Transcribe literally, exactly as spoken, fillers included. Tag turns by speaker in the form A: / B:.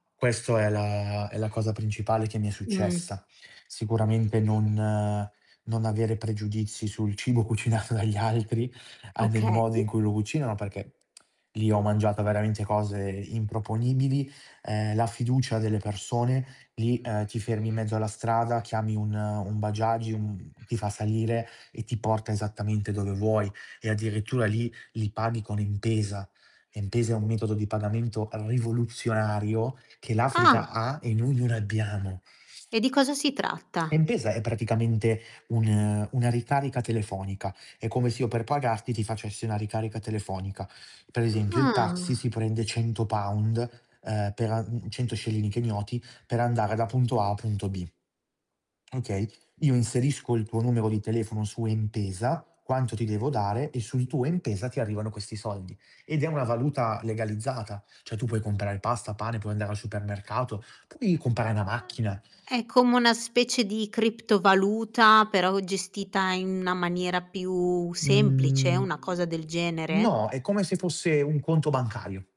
A: Questo è la è la cosa principale che mi è
B: Mh.
A: successa. Sicuramente non non avere pregiudizi sul cibo cucinato dagli altri, a del
B: Okay.
A: modo in cui lo cucinano, perché lì ho mangiato veramente cose improponibili, ehm, la fiducia delle persone, lì, uhm, ti fermi in mezzo alla strada, chiami un, ehm, un Bajaj, uhm, ti fa salire e ti porta esattamente dove vuoi e addirittura lì li paghi con M-Pesa. M-Pesa è un metodo di pagamento rivoluzionario che
B: Ah.
A: l'Africa ha e noi non abbiamo.
B: E di cosa si tratta?
A: M-Pesa è praticamente un una ricarica telefonica, è come se io per pagarti ti facessi una ricarica telefonica. Per esempio il taxi
B: Ah.
A: si prende cento pound ehm, per a mhmm, cento scellini Kenyoti per andare da punto A a punto B. Okay, Io inserisco il tuo numero di telefono su M-Pesa, quanto ti devo dare e sul tuo M-Pesa ti arrivano questi soldi. Ed è una valuta legalizzata, cioè, tu puoi comprare pasta, pane, puoi andare al supermercato, puoi comprare una macchina.
B: Ah, è come una specie di criptovaluta però gestita in una maniera più semplice, una cosa
A: Mhmm,
B: del genere?
A: no, è come se fosse un conto bancario.